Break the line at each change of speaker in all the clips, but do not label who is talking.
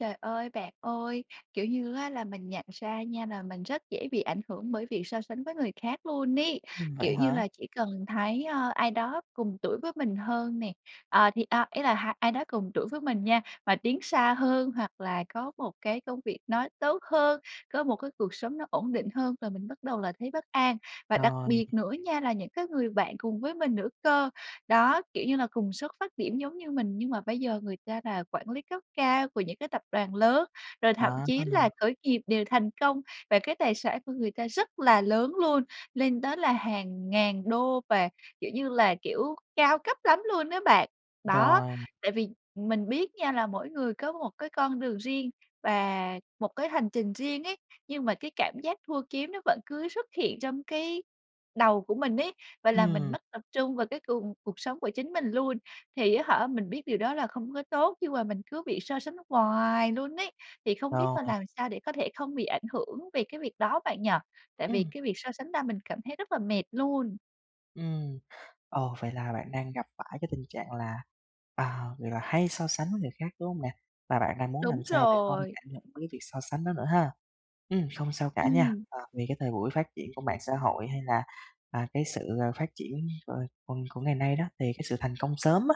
Trời ơi, bạn ơi, kiểu như á là, mình nhận ra nha nà mình rất dễ bị ảnh hưởng bởi việc so sánh với người khác luôn ấy,
Ừm, vậy
kiểu như
hả?
là, chỉ cần thấy, ơ, ai đó cùng tuổi với mình hơn nè, à, thì a, ý là ha ai đó cùng tuổi với mình nha, mà tiến xa hơn hoặc là có một cái công việc nó tốt hơn, có một cái cuộc sống nó ổn định hơn là mình bắt đầu là thấy bất an, và đặc
Rồi.
biệt nữa nha là những cái người bạn cùng với mình nữa cơ. Đó, kiểu như là, cùng xuất phát điểm giống như mình nhưng mà bây giờ người ta là quản lý cấp cao của những cái tập đoàn lớn, rồi thậm
À,
chí
tâng
là
à?
khởi nghiệp đều thành công và cái tài sản của người ta rất là lớn luôn, lên tới là hàng ngàn đô và, kiểu như là, kiểu, cao cấp lắm luôn á bạn. Đó,
Rồi.
tại vì mình biết nha là mỗi người có một cái con đường riêng và một cái hành trình riêng ấy, nhưng mà cái cảm giác thua kiếm nó vẫn cứ xuất hiện trong cái đầu của mình ấy và làm mình
Ừm.
mất tập trung vào cái cùng cuộc sống của chính mình luôn, thì á hả mình biết điều đó là không có tốt nhưng mà mình cứ bị so sánh hoài luôn ấy. Thì không biết mà
Rồi.
làm sao để có thể không bị ảnh hưởng về cái việc đó bạn nhỉ? Tại vì
Ừm.
cái việc so sánh ra mình cảm thấy rất là mệt luôn.
Ừm. Ờ, vậy là bạn đang gặp phải cái tình trạng là à, vậy là hay so sánh với người khác, đúng hông nè? Và bạn đang muốn làm
Đúng
sao để không
rồi.
cảm nhận đến cái việc so sánh đó nữa ha! Ừm, không sao cả nha.
Ừm.
À, vì cái thời buổi phát triển của mạng xã hội, hay là, à, cái sự, ờ, phát triển cờ còn của ngày nay đó, thì cái sự thành công sớm á,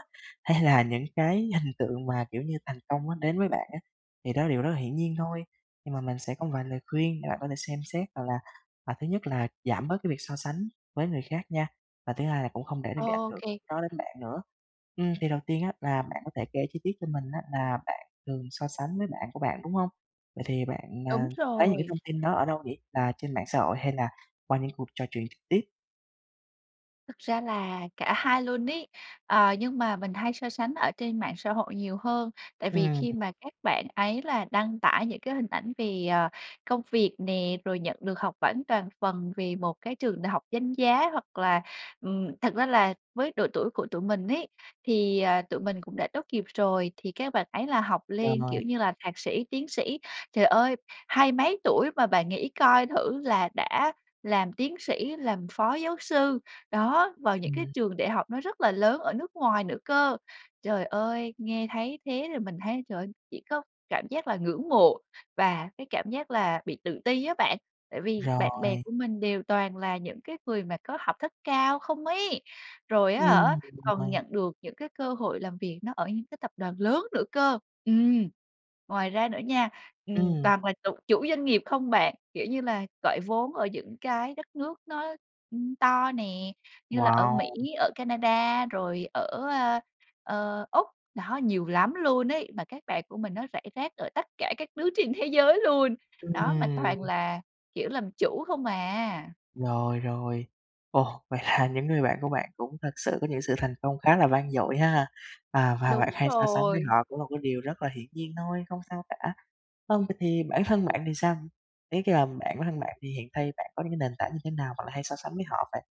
hay là những cái hình tượng mà, kiểu như, thành công nó đến với bạn á, thì đó là điều rất là hiển nhiên thôi. Nhưng mà mình sẽ có một vài lời khuyên để bạn có thể xem xét, hoặc là hoặc thứ nhất là giảm bớt cái việc so sánh với người khác nha, và thứ 2 là cũng không để nó bị ảnh
Ô
hưởng
kê.
đó đến bạn nữa. Ừm, thì đầu tiên á là bạn có thể kể chi tiết cho mình á là bạn thường so sánh với bạn của bạn, đúng hông? Vậy thì bạn, ờ,
Đúng
lấy những cái
rồi.
thông tin đó ở đâu để là trên mạng xã hội, hay là qua những cuộc trò chuyện trực tiếp?
Thực ra là cả hai luôn ấy. Ờ, nhưng mà mình hay so sánh ở trên mạng xã hội nhiều hơn tại vì
Ừm.
khi mà các bạn ấy là đăng tải những cái hình ảnh về, ờ, công việc nè, rồi nhận được học bỗng toàn phần về một cái trường đại học danh giá hoặc là ừm, thật ra là với độ tuổi của tụi mình ấy thì, ờ, tụi mình cũng đã tốt nghiệp rồi thì các bạn ấy là học lên,
Rồi.
kiểu như là, thạc sĩ, tiến sĩ. Trời ơi! Hai mấy tuổi mà bạn nghĩ coi thử là đã làm tiến sĩ, làm phó giáo sư. Đó, vào những cái
Ừm.
trường đại học nó rất là lớn ở nước ngoài nữa cơ. Trời ơi, nghe thấy thế thì mình thấy trời ơi, chỉ có cảm giác là ngưỡng mộ và cái cảm giác là bị tự ti á bạn, tại vì bạn bè
Rồi.
của mình đều toàn là những cái người mà có học thức cao không ấy, rồi á hả
Ừm
còn
[unintelligible]
nhận được những cái cơ hội làm việc nó ở những cái tập đoàn lớn nữa cơ. Ừm. Ngoài ra nữa nha, ừm,
Ừm.
toàn là chụ chủ doanh nghiệp không bạn, kiểu như là, gọi vốn ở những cái đất nước nó, ưm, to nè, như là ở Mỹ,
Wow!
ở Canada, rồi ở, a, ờ, Úc. Đó, nhiều lắm luôn ấy, mà các bạn của mình nó rải rác ở tất cả các nước trên thế giới luôn.
[unintelligible]
Đó, mà toàn
Ừm.
là, kiểu, làm chủ không à.
Rồi, rồi. Ồ! Vậy là những người bạn của bạn cũng thật sự có những sự thành công khá là vang dội ha! À, và bạn
Đúng
hay so sánh với
rồi.
họ cũng là cái điều rất là hiển nhiên thôi, không sao cả. Vâng, vậy thì bản thân bạn thì sao? Ý cái là bạn bản thân bạn thì hiện thay bạn có những cái nền tảng như thế nào bạn lại hay so sánh với họ vậy?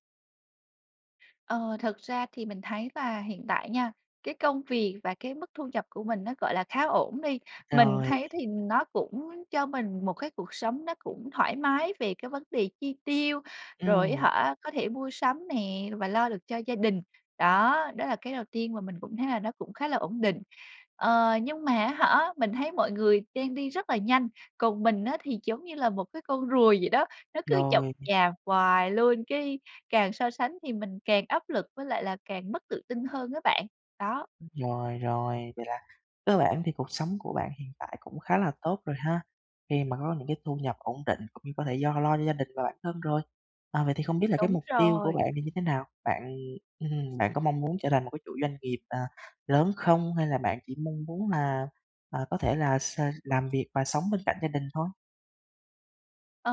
Ờ, thật ra thì mình thấy là hiện tại nha, cái công việc và cái mức thu nhập của mình nó, gọi là, khá ổn đi. Mình
Rồi.
thấy thì nó cũng cho mình một cái cuộc sống nó cũng thoải mái về cái vấn đề chi tiêu, rồi á
Ừm.
hả, có thể mua sắm nè và lo được cho gia đình. Đó, đó là cái đầu tiên mà mình cũng thấy là nó cũng khá là ổn định. Ờ, nhưng mà á hả, mình thấy mọi người đang đi rất là nhanh, còn mình á thì giống như là một cái con rùa vậy đó, nó cứ chậm
Rồi.
chạp hoài luôn. Cái càng so sánh thì mình càng áp lực với lại là càng mất tự tin hơn á bạn. Đó.
Rồi, rồi, vậy là cơ bản thì cuộc sống của bạn hiện tại cũng khá là tốt rồi ha. Khi mà có những cái thu nhập ổn định cũng như có thể do lo cho gia đình và bản thân rồi. À, vậy thì không biết là cái
Đúng
mục tiêu của
rồi.
bạn thì như thế nào? Bạn, ừ hừm, bạn có mong muốn trở thành một cái chủ doanh nghiệp, ờ, lớn không? Hay là bạn chỉ mong muốn là, à, có thể là s làm việc và sống bên cạnh gia đình thôi?
Ờ,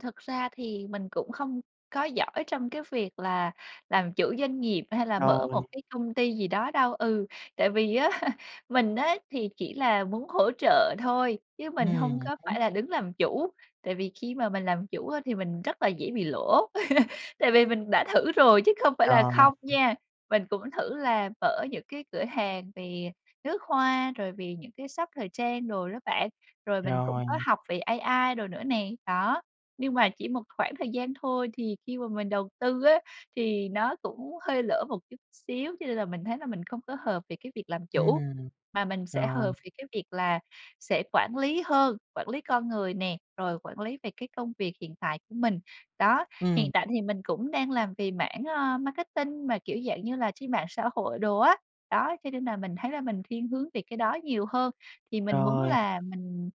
thực ra thì mình cũng không có giỏi trong cái việc là làm chủ doanh nghiệp hay là mở
Rồi.
một cái công ty gì đó đâu. Ừ, tại vì á mình á thì chỉ là muốn hỗ trợ thôi chứ mình hông
Ừm
có
hứm.
phải là đứng làm chủ, tại vì khi mà mình làm chủ á thì mình rất là dễ bị lỗ, tại vì mình đã thử rồi chứ không phải
Ờ.
là không nha. Mình cũng thử là mở những cái cửa hàng về nước hoa rồi về những cái shop thời trang rồi đó bạn, rồi mình cũng có
Rồi.
học về AI đồ nữa nè. Đó, nhưng mà chỉ một khoảng thời gian thôi, thì khi mà mình đầu tư á thì nó cũng hơi lỡ một chút xíu, cho nên là mình thấy là mình không có hợp về cái việc làm chủ,
Ừm.
mà mình sẽ hợp
Rồi.
về cái việc là sẽ quản lý hơn, quản lý con người nè, rồi quản lý về cái công việc hiện tại của mình. Đó,
Ừm.
hiện tại thì mình cũng đang làm về mảng, ờ, marketing mà, kiểu dạng như là, trên mạng xã hội đồ á. Đó, cho nên là mình thấy là mình thiên hướng về cái đó nhiều hơn. Thì mình muốn
Rồi nè!
là mình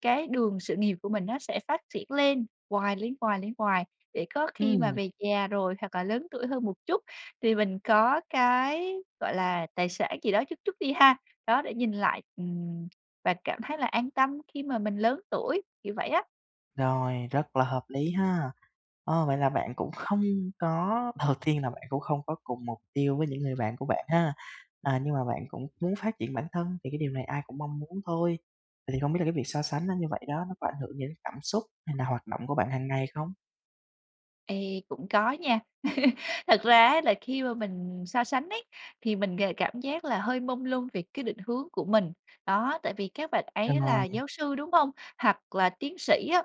cái đường sự nghiệp của mình nó sẽ phát triển lên hoài, lên hoài, lên hoài để có khi mà
Ừm.
về già rồi hoặc là lớn tuổi hơn một chút thì mình có cái, gọi là, tài sản gì đó chút chút đi ha. Đó, để nhìn lại, ừm, và cảm thấy là an tâm khi mà mình lớn tuổi, kiểu vậy á.
Rồi, rất là hợp lý ha! Ơ, vậy là bạn cũng không có đầu tiên là bạn cũng không có cùng mục tiêu với những người bạn của bạn ha. À, nhưng mà bạn cũng muốn phát triển bản thân thì cái điều này ai cũng mong muốn thôi. Vậy thì không biết là cái việc so sánh nó như vậy đó nó có ảnh hưởng gì đến cảm xúc, hay là hoạt động của bạn hàng ngày không?
Ê, cũng có nha. Thật ra á là khi mà mình so sánh ấy thì mình g cảm giác là hơi mông lung về cái định hướng của mình. Đó, tại vì các bạn ấy là
[unintelligible]
giáo sư, đúng hông? Hoặc là tiến sĩ á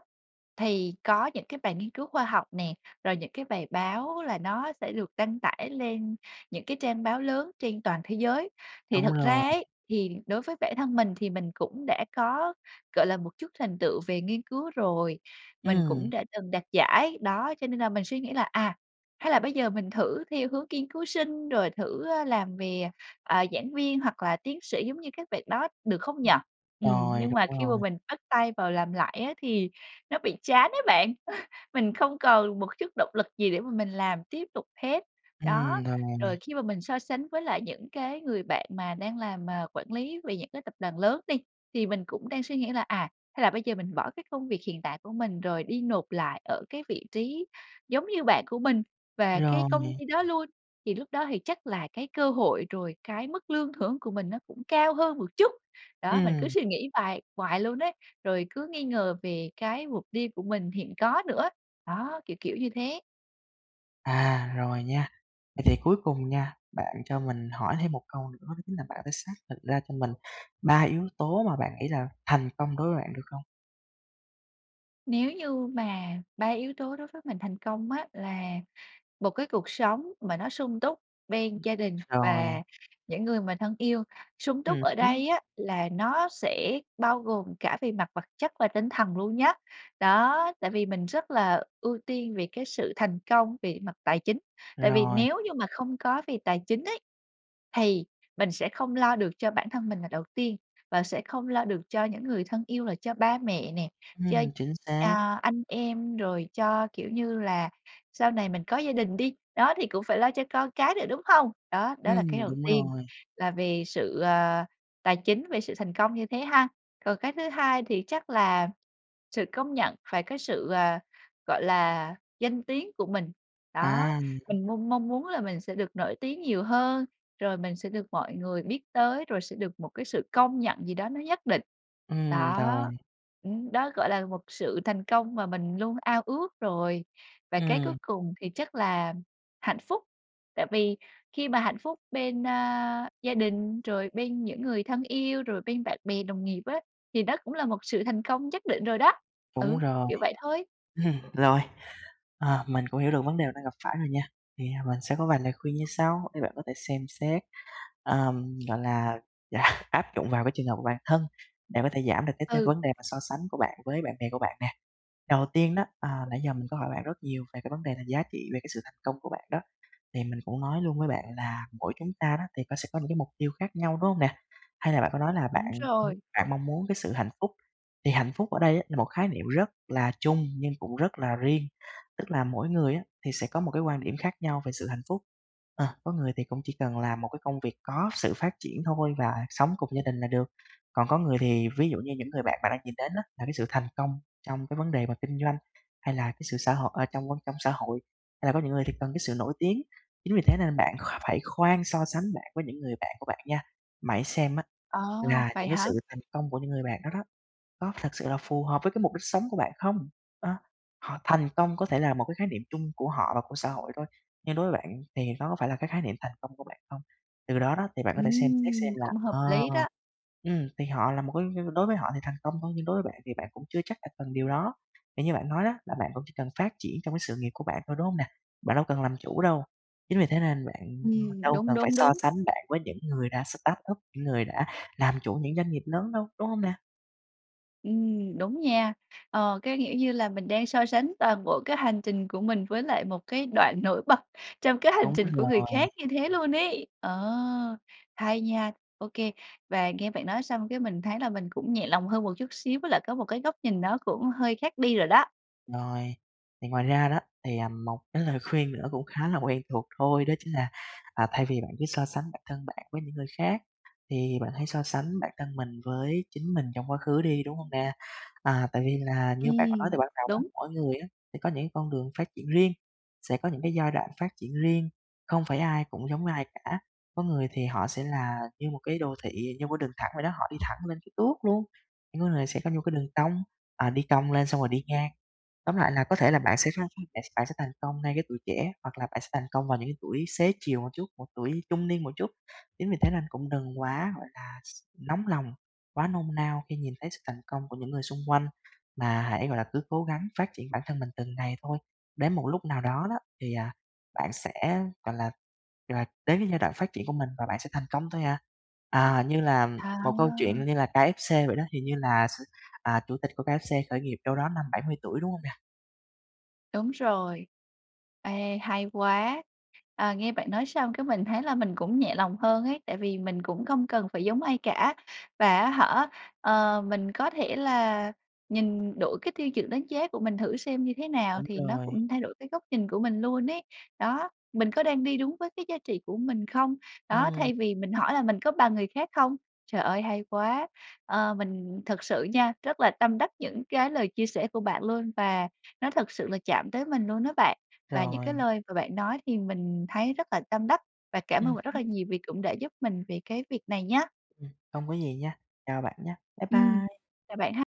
thì có những cái bài nghiên cứu khoa học nè, rồi những cái bài báo là nó sẽ được đăng tải lên những cái trang báo lớn trên toàn thế giới. Thì
Đúng
thật
rồi.
ra ấy thì đối với bản thân mình thì mình cũng đã có, gọi là, một chút thành tựu về nghiên cứu rồi, mình cũng
Ừm.
đã từng đạt giải. Đó, cho nên là mình suy nghĩ là, à, hay là bây giờ mình thử theo hướng nghiên cứu sinh, rồi thử, a, làm về, à, à, giảng viên, hoặc là tiến sĩ giống như các bạn đó, được không nhỉ?
[unintelligible]
Ừm,
Rồi,
nhưng mà
đúng
khi mà
rồi.
mình bắt tay vào làm lại á thì nó bị chán ấy bạn, mình không còn một chút động lực gì để mà mình làm tiếp tục hết. Đó,
Ừm, rồi.
rồi khi mà mình so sánh với lại những cái người bạn mà đang làm mà quản lý về những cái tập đoàn lớn đi, thì mình cũng đang suy nghĩ là, à, hay là bây giờ mình bỏ cái công việc hiện tại của mình rồi đi nộp lại ở cái vị trí giống như bạn của mình và cái công
Rồi.
ty đó luôn, thì lúc đó thì chắc là cái cơ hội, rồi cái mức lương thưởng của mình nó cũng cao hơn một chút. Đó, mình cứ
Ừm.
suy nghĩ hoài hoài luôn ấy, rồi cứ nghi ngờ về cái mục đi của mình hiện có nữa. Đó, kiểu kiểu như thế.
À, rồi nha. Vậy thì cuối cùng nha, bạn cho mình hỏi thêm một câu nữa đó chính là bạn phải xác định ra cho mình 3 yếu tố mà bạn nghĩ là thành công đối với bạn được không?
Nếu như mà 3 yếu tố đối với mình thành công á, là một cái cuộc sống mà nó sung túc bên
Ưm,
gia đình
Rồi.
và những người mà thân yêu. Sung túc
Ừm
ở
hứm.
đây á là nó sẽ bao gồm cả về mặt vật chất và tinh thần luôn nhá. Đó, tại vì mình rất là ưu tiên về cái sự thành công về mặt tài chính. Tại vì
Rồi.
nếu như mà không có về tài chính ấy, thì mình sẽ không lo được cho bản thân mình là đầu tiên, và sẽ không lo được cho những người thân yêu là cho ba mẹ nè, cho,
Ừm, chính xác.
à, anh em, rồi cho, kiểu như là, sau này mình có gia đình đi, đó, thì cũng phải lo cho con cái nữa, đúng không? Đó, đó là cái
Ừm,
đầu
đúng
tiên
rồi.
là về sự, à, tài chính, về sự thành công như thế ha. Còn cái thứ hai thì chắc là sự công nhận, phải có sự, à, gọi là, danh tiếng của mình. Đó,
À.
mình mong mong muốn là mình sẽ được nổi tiếng nhiều hơn, rồi mình sẽ được mọi người biết tới, rồi sẽ được một cái sự công nhận gì đó nó nhất định.
Ừm, rồi.
Đó. Ừm, đó gọi là một sự thành công mà mình luôn ao ước rồi. Và cái cuối
Ừm.
cùng thì chắc là hạnh phúc. Tại vì khi mà hạnh phúc bên, a, gia đình, rồi bên những người thân yêu, rồi bên bạn bè đồng nghiệp á, thì nó cũng là một sự thành công nhất định rồi đó.
Đúng
Ừ,
rồi.
kiểu vậy thôi.
Rồi, ờ, mình cũng hiểu được vấn đề mình đang gặp phải rồi nha. Thì, à, mình sẽ có vài lời khuyên như sau, để bạn có thể xem xét, ờm, gọi là, áp dụng vào cái trường hợp của bản thân để có thể giảm được cái cái
Ừ.
vấn đề mà so sánh của bạn với bạn bè của bạn nè. Đầu tiên đó, à, nãy giờ mình có hỏi bạn rất nhiều về cái vấn đề là giá trị về cái sự thành công của bạn đó. Thì mình cũng nói luôn với bạn là mỗi chúng ta đó, thì có sẽ có những cái mục tiêu khác nhau, đúng hông nè? Hay là bạn có nói là bạn
Đúng rồi.
bạn mong muốn cái sự hạnh phúc. Thì hạnh phúc ở đây á, là một khái niệm rất là chung nhưng cũng rất là riêng. Tức là mỗi người á, thì sẽ có một cái quan điểm khác nhau về sự hạnh phúc. Ờ, có người thì cũng chỉ cần làm một cái công việc có sự phát triển thôi và sống cùng gia đình là được. Còn có người thì, ví dụ như những người bạn bạn đang nhìn đến á, là cái sự thành công trong cái vấn đề mà kinh doanh hay là cái sự xã hội à, trong, a, trong xã hội, hay là có những người thì cần cái sự nổi tiếng. Chính vì thế nên bạn kh phải khoan so sánh với những người bạn của bạn nha. Mà hãy xem á,
Ờ,
là
vậy
những cái
hả?
sự thành công của những người bạn đó đó, có thật sự là phù hợp với cái mục đích sống của bạn không? Đó. Họ thành công có thể là một cái khái niệm chung của họ và của xã hội thôi. Nhưng đối với bạn thì nó có phải là cái khái niệm thành công của bạn không? Từ đó đó, thì bạn có thể xem xét xem
Ừm,
là,
cũng hợp
ờ,
lý đó.
ừm, thì họ là một cái đối với họ thì thành công thôi, nhưng đối với bạn thì bạn cũng chưa chắc là cần điều đó. Vì như bạn nói đó, là bạn cũng chỉ cần phát triển trong cái sự nghiệp của bạn thôi, đúng hông nè? Bạn đâu cần làm chủ đâu. Chính vì thế nên bạn, ừm,
Ừm,
đâu
đúng,
cần phải
đúng,
so
đúng!
sánh bạn với những người đã startup, những người đã làm chủ những doanh nghiệp lớn đâu, đúng hông nè?
Ừm, đúng nha. Ờ, cái kiểu như là, mình đang so sánh toàn bộ cái hành trình của mình với lại một cái đoạn nổi bật trong cái hành
Đúng
trình của người
rồi.
khác như thế luôn ấy! Ờ, hay nha, ô kê, và nghe bạn nói xong cái mình thấy là mình cũng nhẹ lòng hơn một chút xíu, với lại có một cái góc nhìn nó cũng hơi khác đi rồi đó!
Rồi, thì ngoài ra đó, thì, à, một cái lời khuyên nữa cũng khá là quen thuộc thôi, đó chính là, à, thay vì bạn cứ so sánh bản thân bạn với những người khác, thì bạn hãy so sánh bản thân mình với chính mình trong quá khứ đi, đúng hông nè? À, tại vì là như bạn nói từ
Ừm,
ban đầu á,
đúng.
mỗi người á sẽ có những cái con đường phát triển riêng, sẽ có những cái giai đoạn phát triển riêng, không phải ai cũng giống ai cả. Có người thì họ sẽ là như một cái đô thị, như một cái đường thẳng vậy đó, họ đi thẳng lên cái tuốt luôn. Nhưng có người sẽ có những cái đường cong, à, đi cong lên xong rồi đi ngang. Tóm lại là có thể là bạn sẽ khăng bạn bạn sẽ thành công ngay cái tuổi trẻ, hoặc là bạn sẽ thành công vào những cái tuổi xế chiều một chút, hoặc tuổi trung niên một chút. Chính vì thế nên cũng đừng quá, gọi là, s nóng lòng, quá nôn nao khi nhìn thấy sự thành công của những người xung quanh, mà hãy, gọi là, cứ cố gắng phát triển bản thân mình từng ngày thôi. Đến một lúc nào đó đó, thì, à, bạn sẽ, gọi là là, đến cái giai đoạn phát triển của mình và bạn sẽ thành công thôi à. À, như là một câu chuyện
À!
như là KFC vậy đó, hình như là s à chủ tịch của KFC khởi nghiệp đâu đó năm 70 tuổi, đúng hông nè?
Đúng rồi. Ê, hay quá! Ờ, nghe bạn nói xong cái mình thấy là mình cũng nhẹ lòng hơn ấy, tại vì mình cũng không cần phải giống ai cả. Và á hả, ờ, mình có thể là nhìn đổi cái tiêu chuẩn đánh giá của mình thử xem như thế nào,
Đúng
thì nó
rồi.
cũng thay đổi cái góc nhìn của mình luôn ấy. Đó, mình có đang đi đúng với cái giá trị của mình không? Đó,
Ừm.
thay vì mình hỏi là mình có bằng người khác không? Trời ơi, hay quá! Ờ, mình thực sự nha, rất là tâm đắc những cái lời chia sẻ của bạn luôn và nó thực sự là chạm tới mình luôn đó bạn. Và những cái
Rồi.
lời mà bạn nói thì mình thấy rất là tâm đắc và cảm ơn
Ừm
bạn rất là
hứm.
nhiều vì cũng đã giúp mình về cái việc này nhá!
Ừm, hông có gì nha, chào bạn nha. Bye
Ừm,
bye!
chào bạn ha.